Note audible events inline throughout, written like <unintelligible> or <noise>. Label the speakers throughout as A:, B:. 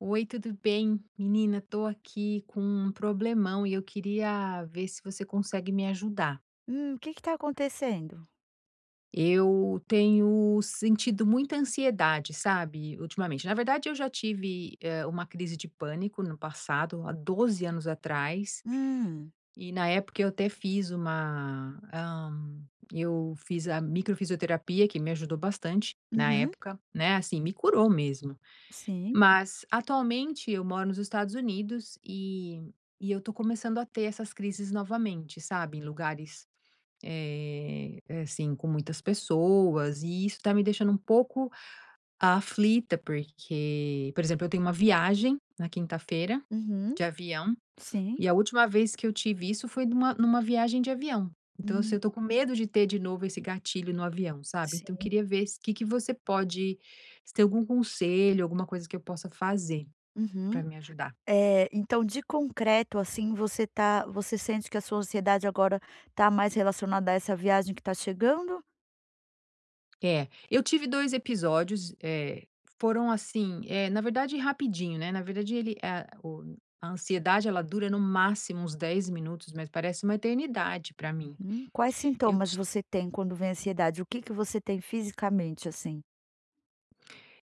A: Oi, tudo bem? Menina, tô aqui com um problemão e eu queria ver se você consegue me ajudar.
B: Hum, o que que tá acontecendo?
A: Eu tenho sentido muita ansiedade, sabe, ultimamente. Na verdade, eu já tive, eh, uma crise de pânico no passado, há 12 anos atrás
B: Hum.
A: e na época eu até fiz uma, hã, eu fiz a microfisioterapia que me ajudou bastante na
B: Uhum.
A: época, né, assim, me curou mesmo.
B: Sim.
A: Mas atualmente eu moro nos Estados Unidos e e eu tô começando a ter essas crises novamente, sabe, em lugares, eh, é assim, com muitas pessoas, e isso tá me deixando um pouco aflita, porque, por exemplo, eu tenho uma viagem na quinta-feira,
B: Uhum.
A: de avião
B: Sim.
A: e a última vez que eu tive isso foi numa numa viagem de avião. Então, assim,
B: Hum.
A: eu estou com medo de ter de novo esse gatilho no avião, sabe. Então eu
B: Sim.
A: queria ver se o que que você pode, se tem algum conselho, alguma coisa que eu possa fazer,
B: Uhum.
A: para me ajudar.
B: Eh, então de concreto, assim, você tá você sente que a sua ansiedade agora tá mais relacionada a essa viagem que tá chegando?
A: É, eu tive 2 episódios, eh, foram assim eh, na verdade, rapidinho, né. Na verdade, ele é o a ansiedade, ela dura no máximo uns 10 minutos, mas parece uma eternidade para mim.
B: Uhum. Quais
A: Eu
B: sintomas
A: ti
B: você tem quando vem a ansiedade? O que que você tem fisicamente assim?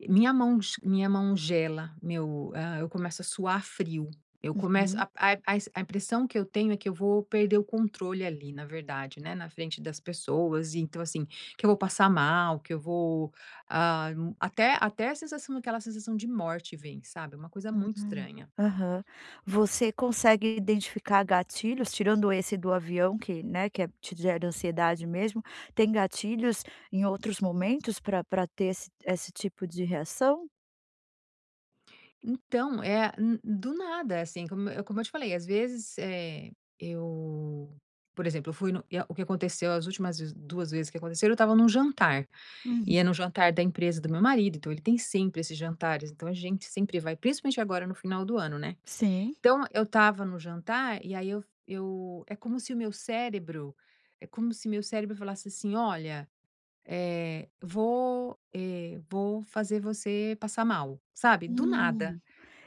A: Minha mão ge minha mão gela, meu ah, eu começo a suar frio. Eu começo
B: Uhum.
A: a a i a i s a impressão que eu tenho é que eu vou perder o controle ali, na verdade, né. Na frente das pessoas, então, assim, que eu vou passar mal, que eu vou ah, até até a sensação aquela sensação de morte vem, sabe, é uma coisa muito
B: <unintelligible>
A: estranha.
B: Aham. Você consegue identificar gatilhos, tirando esse do avião que, né, que é te gera ansiedade mesmo, tem gatilhos, em outros momentos, pra pra ter ess esse tipo de reação?
A: Então é n do nada, assim, como eu como eu te falei, às vezes, eh, eu por exemplo, eu fui no e o que aconteceu as últimas 2 vezes que aconteceram, eu estava num jantar,
B: Uhum.
A: e é num jantar da empresa do meu marido. Então ele tem sempre esses jantares. Então a gente sempre vai, principalmente agora no final do ano, né.
B: Sim.
A: Então eu estava no jantar e aí f eu eu é como se o meu cérebro é como se meu cérebro falasse assim: "Olha, eh, vou eh, vou fazer você passar mal", sabe do nada.
B: Hum.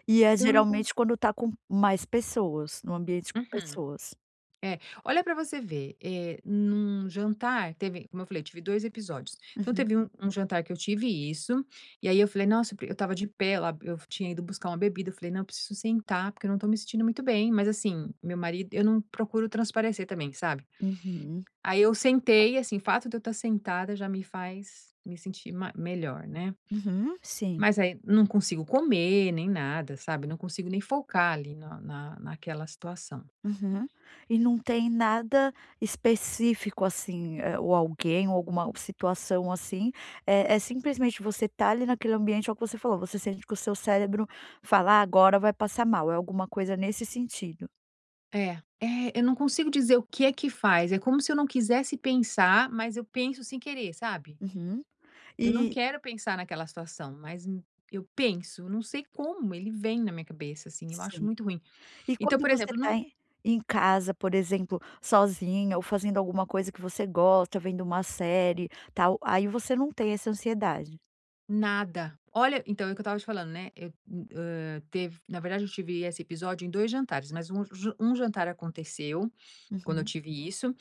B: E é
A: Então eu não con
B: geralmente quando tá com mais pessoas? No ambiente com
A: Uhum.
B: pessoas?
A: É. Olha pra você ver, eh, num jantar, teve como eu falei, tive 2 episódios, então
B: Uhum.
A: teve um um jantar que eu tive isso e aí eu falei: "Nossa, eu pre" eu estava de pé lá, eu f tinha ido buscar uma bebida. Eu falei: "Não, eu preciso sentar porque eu não tô me sentindo muito bem", mas assim, meu marido eu não procuro transparecer também, sabe.
B: Uhum.
A: Aí eu sentei, assim, o fato de eu estar sentada já me faz me sentir ma melhor, né.
B: Uhum, sim.
A: Mas aí não consigo comer nem nada, sabe. Não consigo nem focar ali na na naquela situação.
B: Uhum. E não tem nada específico, assim, eh, ou alguém ou alguma situação, assim, é é simplesmente você tá ali naquele ambiente, é o que você falou. Você sente que o seu cérebro fala: "Ah, agora vai passar mal." É alguma coisa nesse sentido.
A: É. É, eu não consigo dizer o que é que faz. É como se eu não quisesse pensar, mas eu penso sem querer, sabe?
B: Uhum.
A: Eu não
B: E
A: quero pensar naquela situação, mas eu eu penso, não sei como, ele vem na minha cabeça, assim. Eu acho
B: Sim.
A: muito ruim.
B: E
A: Então,
B: quando
A: por
B: você
A: exemplo,
B: tá
A: não
B: em em casa, por exemplo, sozinha ou fazendo alguma coisa que você gosta, vendo uma série tal, aí você não tem essa ansiedade?
A: Nada. Olha, então é o que eu estava te falando, né. Eu, e eh, tev na verdade, eu tive esse episódio em dois jantares. Mas um ju um jantar aconteceu, quando eu
B: Uhum.
A: tive isso.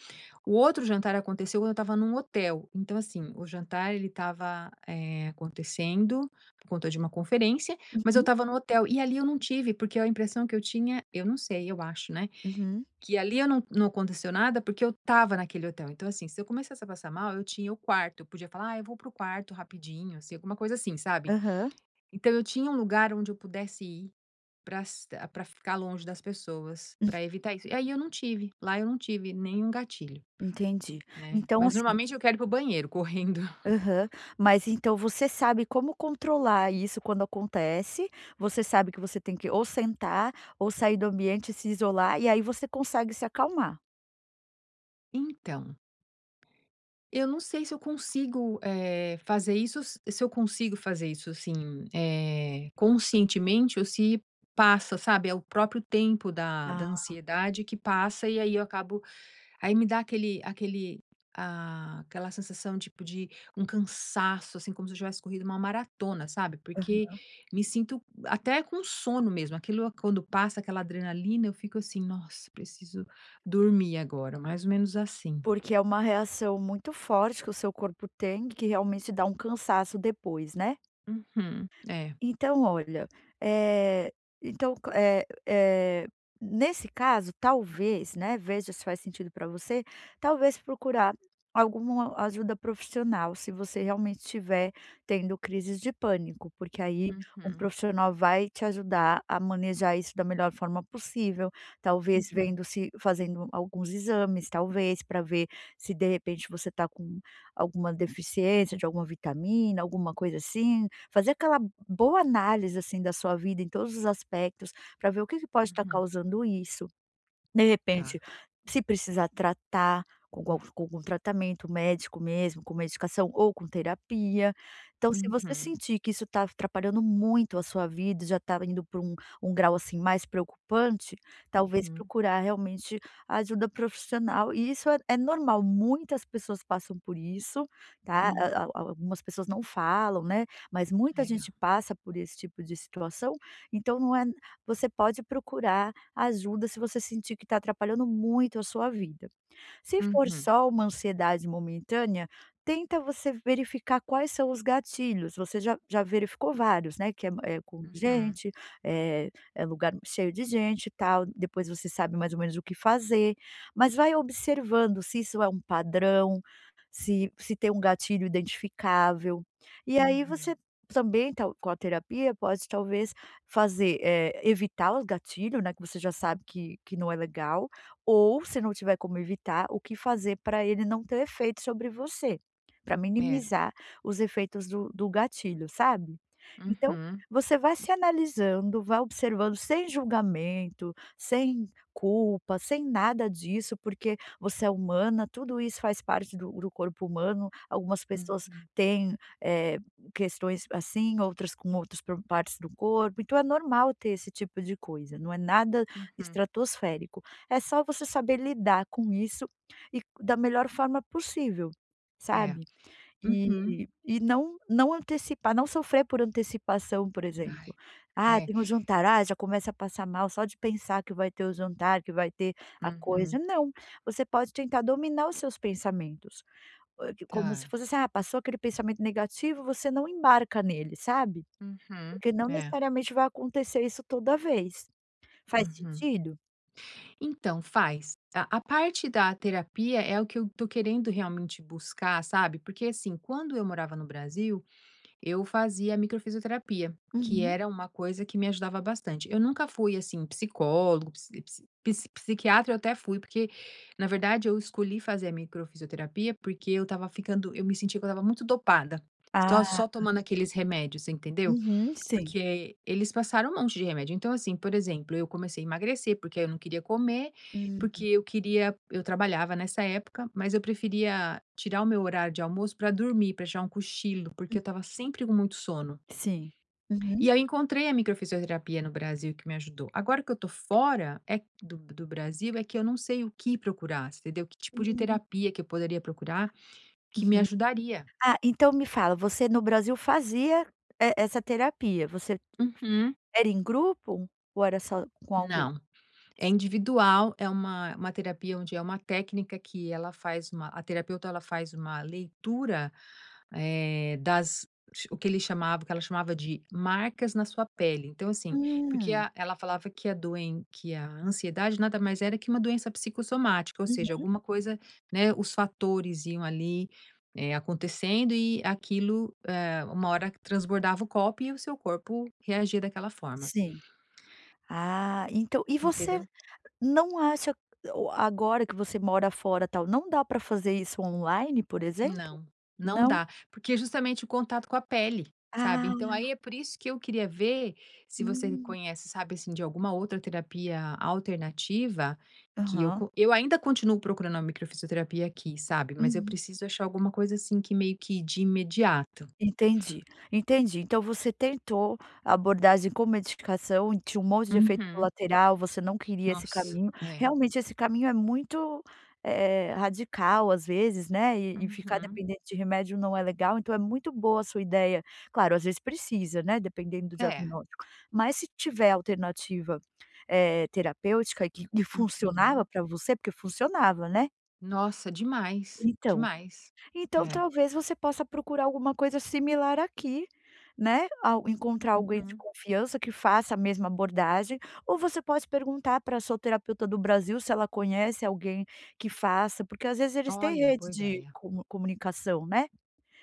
A: O outro jantar aconteceu quando eu estava num hotel. Então assim o jantar ele estava, eh, acontecendo por conta de uma conferência, mas eu
B: Uhum.
A: estava no hotel e ali eu não tive, porque a impressão que eu tinha, eu não sei, eu acho, né.
B: Uhum.
A: Que ali eu não não aconteceu nada, porque eu estava naquele hotel. Então, assim, se eu começasse a passar mal, eu tinha o quarto, eu podia falar: "Ah, eu vou para o quarto rapidinho, assim", alguma coisa assim, sabe.
B: Aham.
A: Então eu tinha um lugar onde eu pudesse ir prasta para ficar longe das pessoas,
B: Uhum.
A: para evitar isso. E aí eu não tive. Lá eu não tive nenhum gatilho,
B: Entendi.
A: né.
B: Então
A: Mas
B: assim
A: normalmente eu quero ir para o banheiro, correndo.
B: Aham. Mas então você sabe como controlar isso quando acontece, você sabe que você tem que ou sentar ou sair do ambiente e se isolar e aí você consegue se acalmar.
A: Então, eu não sei se eu consigo, eh, fazer isso se eu consigo fazer isso, assim, eh, conscientemente ou se passa, sabe, é o próprio tempo da da
B: Ah.
A: ansiedade que passa e aí eu acabo aí me dá aquele aquele, ah, aquela sensação tipo de um cansaço, assim como se eu tivesse corrido uma maratona, sabe porque
B: Uhum.
A: me sinto até com sono mesmo, aquilo quando passa aquela adrenalina, eu fico, assim: "Nossa, preciso dormir agora". Mais ou menos assim.
B: Porque é uma reação muito forte que o seu corpo tem que realmente dá um cansaço depois, né?
A: Uhum, é.
B: Então olha, eh, então c eh eh, nesse caso, talvez, né, veja se faz sentido pra você, talvez procurar alguma ajuda profissional, se você realmente estiver tendo crises de pânico, porque aí um
A: Uhum.
B: profissional vai te ajudar a manejar isso da melhor forma possível. Talvez
A: Uhum.
B: vendo se fazendo alguns exames, talvez pra ver se de repente você tá com alguma deficiência de alguma vitamina, alguma coisa assim, fazer aquela boa análise, assim, da sua vida em todos os aspectos pra ver o que que pode estar
A: Uhum.
B: causando isso. De
A: Tá.
B: repente se precisa tratar com com algum tratamento médico, mesmo com medicação ou com terapia. Então, se você
A: Uhum.
B: sentir que isso tá af atrapalhando muito a sua vida, já tá indo para um um grau, assim, mais preocupante, talvez
A: Uhum.
B: procurar realmente ajuda profissional e isso é é normal. Muitas pessoas passam por isso, tá.
A: Hum.
B: A a a algumas pessoas não falam, né, mas muita gente
A: É.
B: passa por esse tipo de situação. Então não é você pode procurar ajuda se você sentir que tá atrapalhando muito a sua vida. Se for
A: Uhum.
B: só uma ansiedade momentânea, tenta você verificar quais são os gatilhos. Você já já verificou vários, né. Que é é com
A: Uhum.
B: gente é é lugar cheio de gente e tal. Depois você sabe mais ou menos o que fazer. Mas vai observando se isso é um padrão, se se tem um gatilho identificável. E aí você
A: Uhum.
B: também tá com a terapia pode talvez fazer, eh, evitar o gatilho, né, que você já sabe que que não é legal ou se não tiver como evitar, o que fazer pra ele não ter efeito sobre você, pra
A: É.
B: minimizar os efeitos do do gatilho, sabe. Então
A: Uhum.
B: você vai se analisando, vai observando sem julgamento, sem culpa, sem nada disso, porque você é humana, tudo isso faz parte do do corpo humano. Algumas pessoas
A: Uhum.
B: têm, eh, questões assim, outras com outros pro partes do corpo. Então é normal ter esse tipo de coisa, não é nada
A: Uhum.
B: estratosférico. É só você saber lidar com isso e da melhor forma possível,
A: É.
B: sabe.
A: Uhum.
B: E e não não antecipar, não sofrer por antecipação, por exemplo:
A: Ai.
B: "Ah,
A: É.
B: tem o jantar". Ah, já começa a passar mal só de pensar que vai ter o jantar, que vai ter a coisa,
A: Uhum.
B: não. Você pode tentar dominar os seus pensamentos. A o como se
A: Tá.
B: fosse, assim. "Ah, passou aquele pensamento negativo", você não embarca nele, sabe?
A: Uhum,
B: Porque não
A: é.
B: necessariamente vai acontecer isso toda vez. Faz
A: Uhum.
B: sentido?
A: Então, faz. A a parte da terapia é o que eu tô querendo realmente buscar, sabe, porque, assim, quando eu morava no Brasil, eu fazia a microfisioterapia, que
B: Uhum.
A: era uma coisa que me ajudava bastante. Eu nunca fui, assim, psicólogo psi psi psiquiatra eu até fui porque, na verdade, eu escolhi fazer a microfisioterapia, porque eu estava ficando eu me sentia que eu estava muito dopada. Estava
B: Ah.
A: só tomando aqueles remédios, entendeu?
B: Uhum, sim.
A: Porque eles passaram um monte de remédio. Então, assim, por exemplo, eu comecei a emagrecer porque eu não queria comer porque
B: Hum.
A: eu queria eu trabalhava nessa época, mas eu preferia tirar o meu horário de almoço pra dormir, pra tirar um cochilo, porque eu
B: Hum.
A: estava sempre com muito sono.
B: Sim, uhum.
A: E aí eu encontrei a microfisioterapia no Brasil que me ajudou. Agora que eu tô fora é do B do Brasil é que eu não sei o que procurar, entendeu que tipo de
B: Hum.
A: terapia que eu poderia procurar que me
B: Uhum.
A: ajudaria.
B: Ah, então me fala. Você no Brasil fazia e essa terapia. Você
A: Uhum.
B: era em grupo ou era só com alguém?
A: Não. É individual, é uma uma terapia onde é uma técnica que ela faz uma a terapeuta, ela faz uma leitura, eh, das o que ele chamava o que ela chamava de marcas na sua pele. Então, assim. Porque
B: Hum.
A: a ela falava que a doen que a ansiedade nada mais era que uma doença psicossomática, ou seja,
B: Uhum.
A: alguma coisa, né, os fatores iam ali, eh, acontecendo e aquilo, eh, uma hora que transbordava o copo e o seu corpo reagia daquela forma.
B: Sim. Ah, entã e você
A: Entendeu?
B: não acha o agora que você mora fora, tal, não dá pra fazer isso online, por exemplo?
A: Não. Não
B: Não?
A: dá porque é justamente o contato com a pele, sabe, então,
B: Ah!
A: aí é por isso que eu queria ver se você
B: Hum.
A: conhece sabe assim, de alguma outra terapia alternativa que eu
B: Aham.
A: co eu ainda continuo procurando uma microfisioterapia aqui, sabe, mas eu
B: Uhum.
A: preciso achar alguma coisa assim, que meio que de imediato.
B: Entendi, entendi. Então você tentou abordagem com medicação. Tinha um monte de efeito
A: Uhum.
B: colateral. Você não queria esse
A: Nossa!
B: caminho.
A: É.
B: Realmente esse caminho é muito, eh, radical, às vezes, né, e e ficar
A: Uhum.
B: dependente de remédio não é legal. Então é muito boa a sua ideia claro, às vezes precisa, né, dependendo do
A: É.
B: diagnóstico. Mas se tiver alternativa, eh, terapêutica e que que funcionava
A: Uhum.
B: pra você, porque funcionava, né?
A: Nossa, demais.
B: Então.
A: Demais.
B: Então
A: É.
B: talvez você possa procurar alguma coisa similar aqui, né. Ao encontrar alguém de
A: Uhum.
B: confiança, que faça a mesma abordagem, ou você pode perguntar para a sua terapeuta do Brasil se ela conhece alguém que faça, porque às vezes eles têm
A: Olha, boa
B: rede de
A: ideia.
B: comu comunicação, né.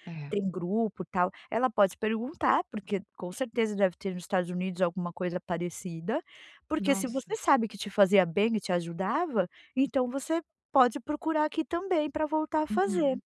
A: É.
B: Tem grupo, tal. Ela pode perguntar, porque com certeza deve ter nos Estados Unidos alguma coisa parecida. Porque se você
A: Nossa.
B: sabe que te fazia bem e te ajudava, então você pode procurar aqui também, para voltar a fazer.
A: Uhum.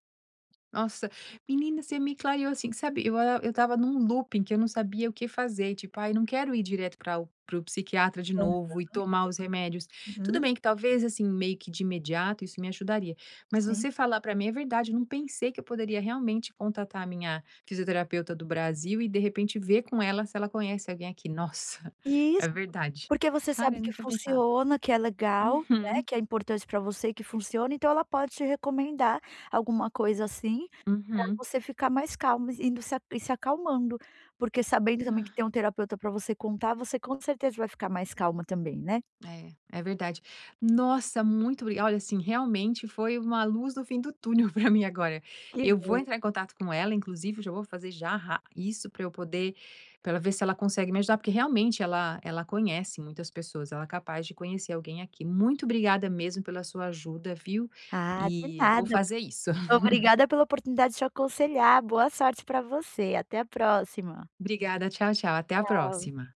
A: Nossa, menina você me clareou assim, sabe. Eu a eu estava num looping, que eu não sabia o que fazer, tipo: "Ai, eu não quero ir direto para o para o psiquiatra de
B: Aham.
A: novo, e tomar os remédios". Tudo
B: Uhum.
A: bem que talvez, assim, meio que de imediato, isso me ajudaria. Mas
B: Sim.
A: você falar para mim é verdade, eu não pensei que eu poderia realmente contatar a minha fisioterapeuta do Brasil, e de repente ver com ela se ela conhece alguém aqui. Nossa, é
B: Isso.
A: verdade.
B: Porque você
A: Cara,
B: sabe
A: eu
B: que
A: não tinha pensado.
B: funciona, que é legal, né.
A: Uhum.
B: Que é importante para você, que funciona. Então ela pode te recomendar alguma coisa assim, pra
A: Uhum.
B: você ficar mais calma, e indo se a se acalmando. Porque sabendo também que tem um terapeuta para você contar, você com certeza vai ficar mais calma também, né?
A: É, é verdade. Nossa, muito obri olha, assim, realmente foi uma luz no fim do túnel para mim agora.
B: Que
A: Eu vou
B: bom.
A: entrar em contato com ela, inclusive eu já vou fazer já rá isso para eu poder pra ela ver se ela consegue me ajudar, porque realmente ela ela conhece muitas pessoas, ela é capaz de conhecer alguém aqui. Muito obrigada mesmo pela sua ajuda, viu.
B: Ah, de
A: E, vou
B: nada. Ob
A: fazer isso. <laughs>
B: Obrigada pela oportunidade de te aconselhar. Boa sorte para você, até a próxima.
A: Obrigada. Tchau, tchau até a
B: Tchau.
A: próxima.